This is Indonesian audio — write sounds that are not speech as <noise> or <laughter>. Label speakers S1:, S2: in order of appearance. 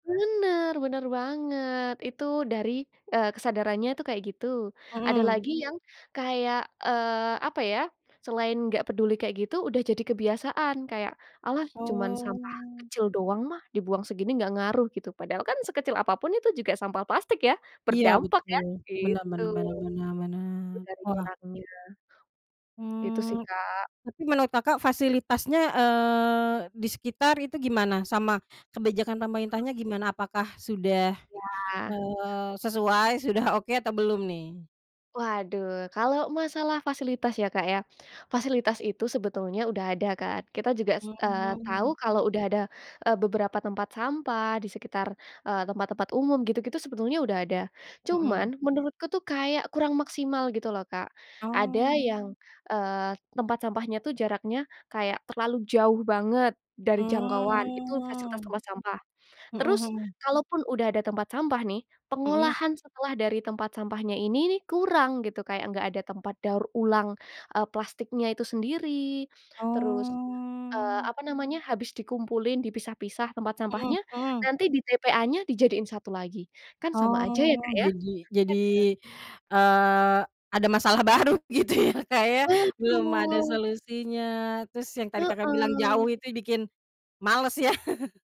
S1: Bener bener banget, itu dari, eee, kesadarannya itu kayak gitu. Ada
S2: Mhm.
S1: lagi yang kayak, eee, apa, ya, selain nggak peduli kayak gitu, udah jadi kebiasaan. Kayak, "Alah, cuman sampah
S2: Oh.
S1: kecil doang mah, dibuang segini nggak ngaruh." Gitu. Padahal kan, sekecil apa pun itu juga sampah plastik, ya,
S2: Iya,
S1: berdampak ya,
S2: betul. Benar
S1: gitu.
S2: benar benar benar benar.
S1: Itu dari
S2: Wah.
S1: orangnya. Gitu, sih,
S2: Mmm,
S1: Kak.
S2: tapi menurut Kakak fasilitasnya, eee, di sekitar itu gimana? Sama kebijakan
S1: Mmm.
S2: pemerintahnya gimana? Apakah sudah,
S1: Iya.
S2: eee, sesuai, sudah oke atau belum, nih?
S1: Waduh, kalau masalah fasilitas ya, Kak, ya. Fasilitas itu sebetulnya udah ada kan, kita juga se eee, tau
S2: Mmm.
S1: kalau udah ada, eee, beberapa tempat sampah di sekitar, eee, tempat-tempat umum, gitu-gitu sebetulnya udah ada,
S2: Mmm.
S1: cuman menurutku, tuh, kayak kurang maksimal gitu, loh, Kak. Ada
S2: Oh.
S1: yang, eee, tempat sampahnya, tuh, jaraknya kayak terlalu jauh banget dari jangkauan. Itu fasilitas
S2: Oh,
S1: tempat sampah.
S2: mhm
S1: Terus,
S2: mhm.
S1: kalau pun udah ada tempat sampah nih,
S2: Mmm.
S1: pengolahan setelah dari tempat sampahnya ini kurang, gitu, kayak nggak ada tempat daur ulang, eee, plastiknya itu sendiri. Terus, eee,
S2: Oh.
S1: apa namanya, habis dikumpulin, dipisah-pisah tempat
S2: Mhm
S1: sampahnya,
S2: mhm.
S1: nanti di TPA-nya dijadiin satu lagi. Kan sama aja, ya,
S2: Oh,
S1: Kak, ya.
S2: jadi jadi,
S1: Iya kan.
S2: eee, ada masalah baru gitu, ya, Kak, ya. Belum ada
S1: Betul.
S2: solusinya. Terus, yang tadi Kakak bilang,
S1: Heeh.
S2: jauh itu bikin males, ya. <chuckles>